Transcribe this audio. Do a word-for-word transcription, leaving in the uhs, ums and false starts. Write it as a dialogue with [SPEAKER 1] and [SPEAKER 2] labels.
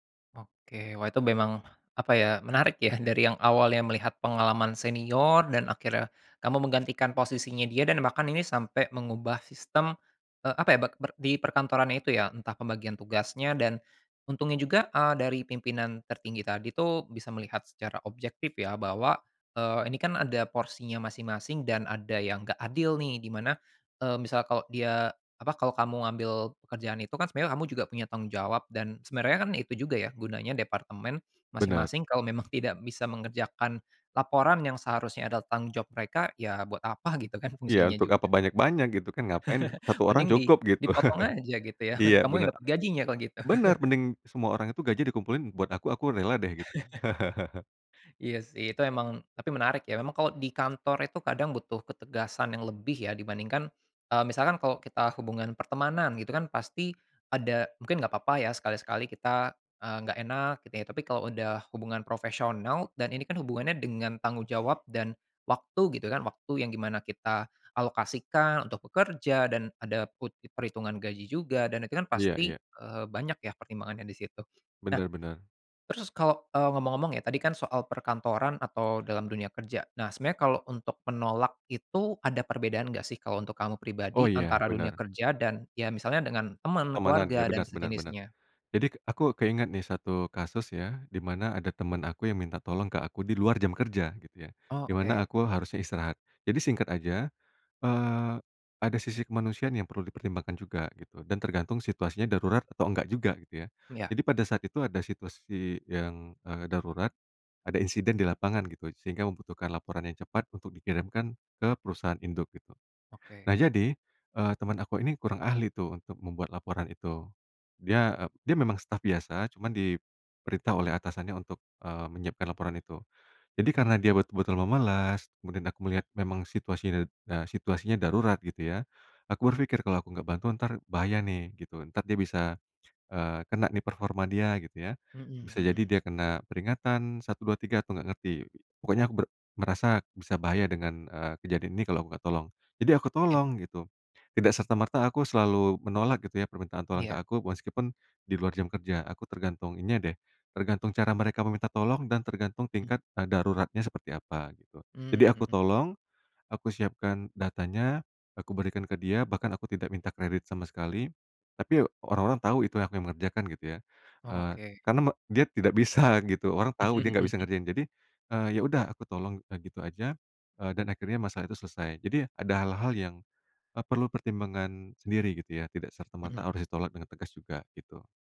[SPEAKER 1] Oke wah itu memang, apa ya menarik ya dari yang awalnya melihat pengalaman senior dan akhirnya kamu menggantikan posisinya dia dan bahkan ini sampai mengubah sistem, eee, apa ya be ber di perkantoran itu ya entah pembagian tugasnya dan, untungnya juga, eee, dari pimpinan tertinggi tadi tuh bisa melihat secara objektif ya bahwa, eee, ini kan ada porsinya masing-masing dan ada yang nggak adil nih di mana, eee, misal kalau dia apa, kalau kamu ambil pekerjaan itu kan sebenarnya kamu juga punya tanggung jawab dan sebenarnya kan itu juga ya gunanya departemen,
[SPEAKER 2] Bener.
[SPEAKER 1] masing-masing kalau memang tidak bisa mengerjakan, laporan yang seharusnya adalah tanggung jawab mereka ya buat apa gitu kan
[SPEAKER 2] Iya
[SPEAKER 1] fungsinya
[SPEAKER 2] untuk apa
[SPEAKER 1] juga.
[SPEAKER 2] banyak-banyak gitu kan ngapain satu orang
[SPEAKER 1] Mending di
[SPEAKER 2] cukup gitu,
[SPEAKER 1] dipotong aja gitu ya,
[SPEAKER 2] iya
[SPEAKER 1] kamu yang
[SPEAKER 2] bener,
[SPEAKER 1] dapat gajinya kalau gitu.
[SPEAKER 2] bener mending semua orang itu gajinya dikumpulin buat aku, aku rela deh gitu.
[SPEAKER 1] Iya sih itu emang tapi menarik ya memang kalau di kantor itu kadang butuh ketegasan yang lebih ya dibandingkan, eee, misalkan kalau kita hubungan pertemanan gitu kan pasti, ada mungkin nggak papa ya sekali-sekali kita, eee, nggak enak gitu ya tapi kalau udah hubungan profesional dan ini kan hubungannya dengan tanggung jawab dan, waktu gitu kan, waktu yang di mana kita alokasikan untuk bekerja dan ada put perhitungan gaji juga dan itu kan
[SPEAKER 2] Iya
[SPEAKER 1] pasti,
[SPEAKER 2] iya.
[SPEAKER 1] eee, banyak ya pertimbangannya disitu. Nah,
[SPEAKER 2] Bener bener.
[SPEAKER 1] terus kalau eee, ngomong-ngomong ya tadi kan soal perkantoran atau dalam dunia kerja, nah sebenarnya kalau untuk menolak itu ada perbedaan enggak sih kalau untuk kamu
[SPEAKER 2] Oh
[SPEAKER 1] pribadi
[SPEAKER 2] ya,
[SPEAKER 1] antara dunia
[SPEAKER 2] bener.
[SPEAKER 1] kerja dan ya misalnya dengan temen,
[SPEAKER 2] Pertemanan
[SPEAKER 1] keluarga
[SPEAKER 2] iya
[SPEAKER 1] dan
[SPEAKER 2] bener bener bener,
[SPEAKER 1] sejenisnya?
[SPEAKER 2] jadi aku keingat nih satu kasus ya dimana ada temen aku yang minta tolong ke aku di luar jam kerja gitu ya,
[SPEAKER 1] Oh
[SPEAKER 2] dimana
[SPEAKER 1] oke.
[SPEAKER 2] aku harusnya istirahat. Jadi singkat aja, eee, ada sisi kemanusiaan yang perlu dipertimbangkan juga gitu dan tergantung situasinya darurat atau enggak juga gitu ya,
[SPEAKER 1] Iya.
[SPEAKER 2] jadi pada saat itu ada situasi yang, eee, darurat, ada insiden di lapangan gitu sehingga membutuhkan laporan yang cepat untuk dikirimkan ke perusahaan induk gitu. Nah
[SPEAKER 1] Oke.
[SPEAKER 2] jadi, eee, teman aku ini kurang ahli tuh untuk membuat laporan itu, dia, eee, dia memang staf biasa cuman diperintah oleh atasannya untuk, eee, menyiapkan laporan itu, jadi karena
[SPEAKER 1] Mhm.
[SPEAKER 2] dia betul-betul memelas kemudian aku melihat memang situasinya, eee, situasinya darurat gitu ya, aku berpikir kalau aku nggak bantu entar bahaya nih gitu entar dia bisa, eee, kena nih performa dia gitu ya,
[SPEAKER 1] Mhm
[SPEAKER 2] bisa jadi
[SPEAKER 1] mhm.
[SPEAKER 2] dia kena peringatan satu dua tiga aku nggak ngerti pokoknya aku ber merasa bisa bahaya dengan, eee, kejadian ini kalau aku nggak tolong, jadi aku
[SPEAKER 1] Ya.
[SPEAKER 2] tolong gitu, tidak serta merta aku selalu menolak gitu ya permintaan tolong ke
[SPEAKER 1] Iya.
[SPEAKER 2] aku meskipun, di luar jam kerja aku tergantung ininya deh, tergantung cara mereka meminta tolong dan tergantung
[SPEAKER 1] Mmm.
[SPEAKER 2] tingkat, eee, daruratnya seperti apa gitu. Jadi
[SPEAKER 1] Mmm,
[SPEAKER 2] aku
[SPEAKER 1] mhm.
[SPEAKER 2] tolong, aku siapkan datanya, aku berikan ke dia bahkan aku tidak minta kredit sama sekali, tapi orang-orang tahu itu yang aku yang mengerjakan gitu ya,
[SPEAKER 1] Oh
[SPEAKER 2] eee,
[SPEAKER 1] oke.
[SPEAKER 2] karena me dia tidak bisa gitu orang tahu dia nggak bisa ngerjain jadi, eee, ya udah aku tolong udah gitu aja, eee, dan akhirnya masalah itu selesai, jadi ada hal-hal yang, eee, perlu pertimbangan sendiri gitu ya tidak serta merta
[SPEAKER 1] Mhm.
[SPEAKER 2] harus ditolak dengan tegas juga gitu.